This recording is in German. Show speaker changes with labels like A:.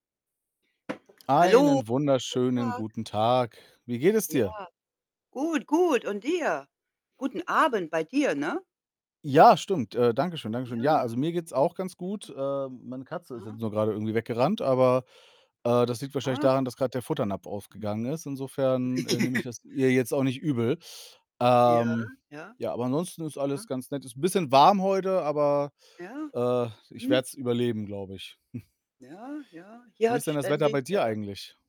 A: Hallo.
B: Einen
A: Schönen guten
B: wunderschönen
A: Tag.
B: guten Tag. Wie geht es
A: Ja,
B: dir?
A: gut, gut. Und dir? Guten Abend bei dir, ne?
B: Ja, stimmt. Äh, danke schön. Danke
A: Ja.
B: schön. Ja,
A: Ja.
B: also, mir geht's auch ganz gut. Äh, meine Katze ist jetzt
A: Aha.
B: nur gerade irgendwie weggerannt, aber, äh, das liegt wahrscheinlich
A: Ah.
B: daran, dass grad der Futternapf aufgegangen ist. Insofern, äh, nehme
A: Mhm.
B: ich das ihr jetzt auch nicht übel.
A: Ja,
B: Ähm,
A: ja.
B: ja, aber ansonsten ist alles
A: Aha.
B: ganz nett. Ist 'n bisschen warm heute, aber,
A: Ja.
B: äh, ich
A: Mhm.
B: werde es überleben, glaube ich.
A: Ja, ja. Hier
B: Wie
A: hat
B: ist denn das Wetter
A: ständig,
B: bei dir
A: äh
B: eigentlich?